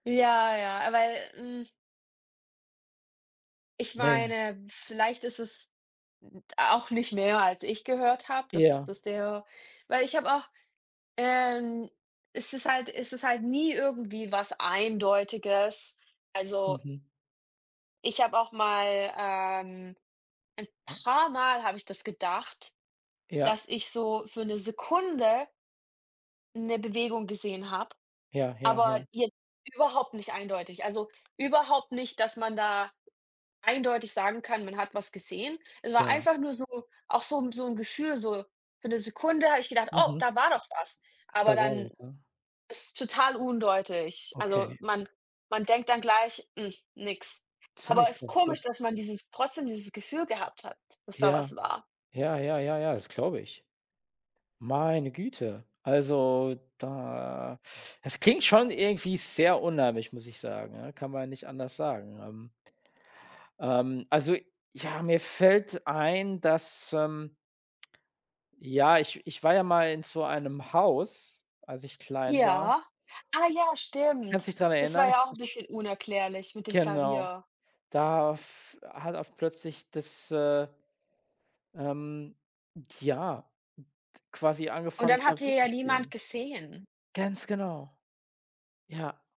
Ja, ja, weil, hm ich Man. meine, vielleicht ist es 'n d auch nicht mehr, als ich gehört habe, dass Ja. dass der weil ich habe auch, ähm es ist halt es ist halt nie irgendwie was Eindeutiges. Also Mhm. ich habe auch mal, ähm ein Ja. paar Mal habe ich das gedacht, Ja. dass ich so für 'ne Sekunde 'ne Bewegung gesehen habe, Ja, ja, ja. aber jetzt überhaupt nicht eindeutig. Also, überhaupt nicht, dass man da eindeutig sagen kann, man hat was gesehen. Es war Ja. einfach nur so auch so 'n so 'n Gefühl, so, für 'ne Sekunde habe ich gedacht: „Oh, Mhm. da war doch was.“ Aber Da war dann was, ja. ist total undeutlich. Also, Okay. man man denkt dann gleich: „Mhm, nix.“ Aber Ziemlich ist komisch, verrückt. dass man dieses trotzdem dieses Gefühl gehabt hat, dass da Ja, was war. ja, ja, ja, ja, das glaube ich. Meine Güte, also, da es klingt schon irgendwie sehr unheimlich, muss ich sagen, ja, kann man nicht anders sagen, ähm Ähm, also, ja, mir fällt ein, dass, ähm ja, ich ich war ja mal in so einem Haus, als ich klein war. Ja, ah, ja, Kannst stimmt. dich daran Das war erinnern? Ich w ja auch 'n sch bisschen unerklärlich mit dem Genau. Klavier. Da f hat oft plötzlich das, äh, ähm ja, d quasi Und angefangen dann habt ihr Klavier zu ja niemand spielen. gesehen. Ganz genau. Ja.